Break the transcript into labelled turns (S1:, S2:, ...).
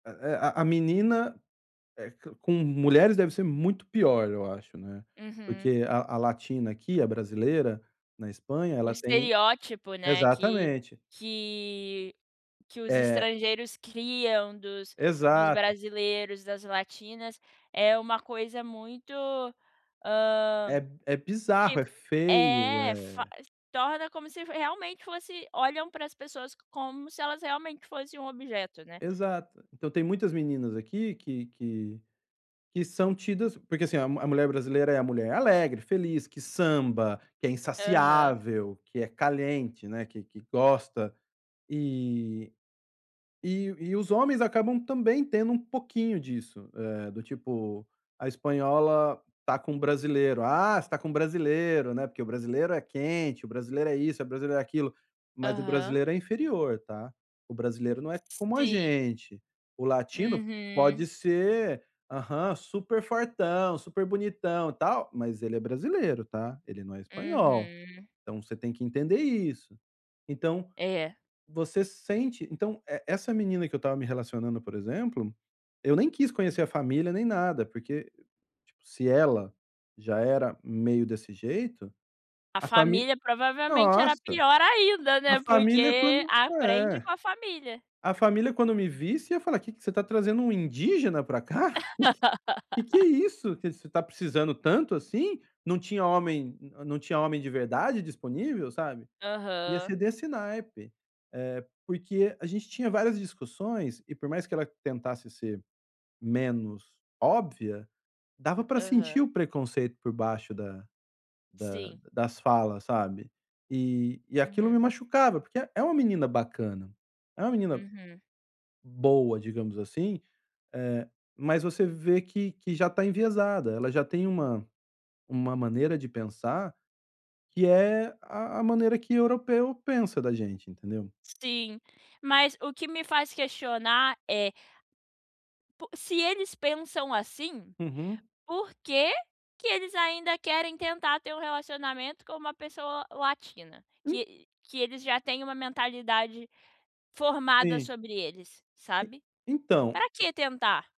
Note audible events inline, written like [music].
S1: Eh eh, a a menina, co com mulheres, deve ser muito pior, eu acho, né.
S2: Uhum.
S1: Porque a a latina aqui, a brasileira na Espanha
S2: O
S1: ela tem
S2: estereótipo, né, que
S1: exatamente.
S2: que que os
S1: É.
S2: estrangeiros criam dos dos
S1: Exato.
S2: brasileiros, das latinas, é uma coisa muito, ah,
S1: É é bizarro, é
S2: tipo,
S1: feio,
S2: é faz,
S1: é
S2: torna como se realmente fosse, olham para as pessoas, como se elas realmente fossem um objeto, né.
S1: Exato, então, tem muitas meninas aqui que que, que são tidas, porque, assim, mulher brasileira é a mulher alegre, feliz, que samba, que é
S2: Aham.
S1: insaciável, que é caliente, que que gosta. E, e e os homens acabam, também, tendo um pouquinho disso, do tipo a espanhola tá com brasileiro, ah, você está com brasileiro, né, porque o brasileiro é quente, o brasileiro é isso, o brasileiro é aquilo, mas o
S2: Aham.
S1: brasileiro é inferior tá, o brasileiro não é como a
S2: Sim.
S1: gente, o latino pode
S2: Uhum.
S1: ser, aham, super fortão, super bonitão e tal, mas ele é brasileiro tá, ele não é espanhol,
S2: Uhum.
S1: então, você tem que entender isso. Então,
S2: É.
S1: você sente então, e essa menina que eu estava me relacionando, por exemplo, eu nem quis conhecer a família, nem nada, porque se ela já era meio desse jeito,
S2: A
S1: a fami
S2: família provavelmente era
S1: nossa,
S2: pior ainda,
S1: a
S2: né,
S1: família
S2: porque
S1: quando
S2: aprende
S1: é,
S2: com a família.
S1: a família quando me visse, falar, o que que você está trazendo, um indígena para cá. [chuckles] O que, que é
S2: [laughs]
S1: isso, que você está precisando tanto, assim, não tinha homem, não tinha homem de verdade disponível, sabe. Ia
S2: Aham.
S1: ser desse naipe, eh, porque a gente tinha várias discussões, e por mais que ela tentasse ser menos óbvia, dava pra sentir
S2: Aham.
S1: o preconceito por baixo, da da
S2: Sim.
S1: das falas sabe. E e aquilo me
S2: Uhum.
S1: machucava, porque é uma menina bacana, é uma menina
S2: Uhum.
S1: boa, digamos, assim, mas você vê que que já está enviesada, ela já tem uma maneira de pensar, que é a a maneira que europeu pensa da gente entendeu.
S2: Sim, mas o que me faz questionar é po se eles pensam, assim,
S1: Uhum.
S2: por que, que eles ainda querem tentar, ter um relacionamento com uma pessoa latina?
S1: Hum.
S2: Que eles já têm, uma mentalidade formada
S1: Sim.
S2: sobre eles,
S1: E,
S2: sabe.
S1: então,
S2: Pra
S1: e
S2: que tentar?